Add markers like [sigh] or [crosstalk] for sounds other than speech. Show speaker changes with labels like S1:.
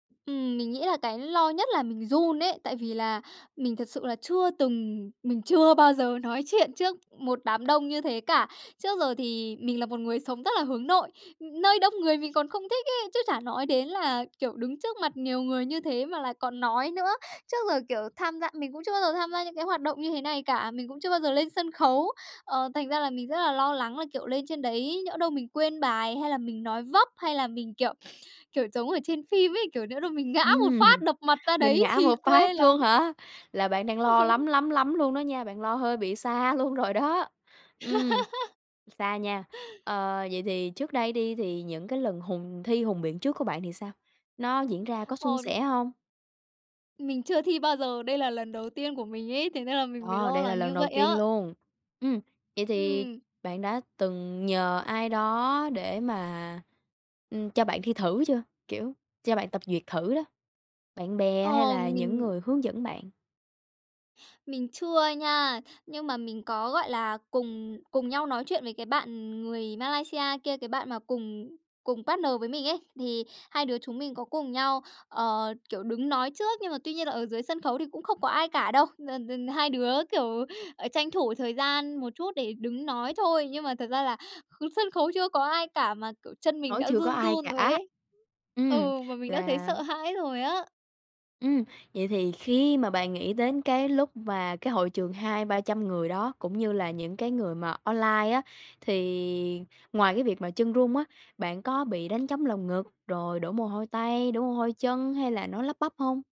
S1: Ừm, mình nghĩ là cái lo nhất là mình run ấy, tại vì là mình thật sự là chưa từng mình chưa bao giờ nói chuyện trước một đám đông như thế cả. Trước giờ thì mình là một người sống rất là hướng nội, nơi đông người mình còn không thích ấy, chứ chả nói đến là, kiểu, đứng trước mặt nhiều người như thế mà lại còn nói nữa. Trước giờ, kiểu, tham gia mình cũng chưa bao giờ tham gia những cái hoạt động như thế này cả, mình cũng chưa bao giờ lên sân khấu! Ờ, thành ra là mình rất là lo lắng là, kiểu, lên trên đấy nhỡ đâu mình quên bài hay là mình nói vấp, hay là mình, kiểu [sniffs] kiểu giống ở trên phim ấy, kiểu, nhỡ đâu mình ngã một
S2: Ừm,
S1: phát, đập mặt ra
S2: mình
S1: đấy
S2: ngã
S1: thì
S2: một phát
S1: quê lắm!
S2: luôn hả? Là bạn đang lo lắm,
S1: [laughs]
S2: lắm, lắm luôn đó nha! Bạn lo hơi bị xa luôn rồi đó! Ừm, xa nha.
S1: [laughs]
S2: Ờ, vậy thì trước đây đi thì những cái lần hùng thi hùng biện trước của bạn thì sao? Nó diễn ra có suôn
S1: Ờ
S2: sẻ hông?
S1: Mình chưa thi bao giờ. Đây là lần đầu tiên của mình ấy, thế nên là mình mới
S2: Ờ,
S1: lo
S2: đây là
S1: lắng
S2: lần
S1: như
S2: đầu
S1: vậy
S2: tiên
S1: á!
S2: luôn. Ừm, vậy thì
S1: Ừm.
S2: bạn đã từng nhờ ai đó để mà, ừm, cho bạn thi thử chưa? Kiểu, cho bạn tập duyệt thử đó, bạn bè hay
S1: Ờ,
S2: là những
S1: mình
S2: người hướng dẫn bạn?
S1: mình chưa nha. Nhưng mà mình có, gọi là, cùng cùng nhau nói chuyện với cái bạn người Malaysia kia, cái bạn mà cùng cùng partner với mình ấy. Thì hai đứa chúng mình có cùng nhau, ờ, kiểu, đứng nói trước. Nhưng mà tuy nhiên là ở dưới sân khấu thì cũng không có ai cả đâu, n-n hai đứa, kiểu, ờ, tranh thủ thời gian một chút để đứng nói thôi. Nhưng mà thật ra là kh sân khấu chưa có ai cả mà, kiểu, chân mình
S2: Khấu
S1: đã
S2: chưa có
S1: run
S2: ai
S1: run rồi
S2: cả.
S1: ấy!
S2: Ừm,
S1: Ừ, mà mình đã thấy
S2: là
S1: sợ hãi rồi á!
S2: Ừm, vậy thì khi mà bạn nghĩ đến cái lúc mà cái hội trường 200-300 người đó cũng như là những cái người mà online á, thì ngoài cái việc mà chân run á, bạn có bị đánh trống lồng ngực, rồi đổ mồ hôi tay, đổ mồ hôi chân hay là nói lắp bắp hông?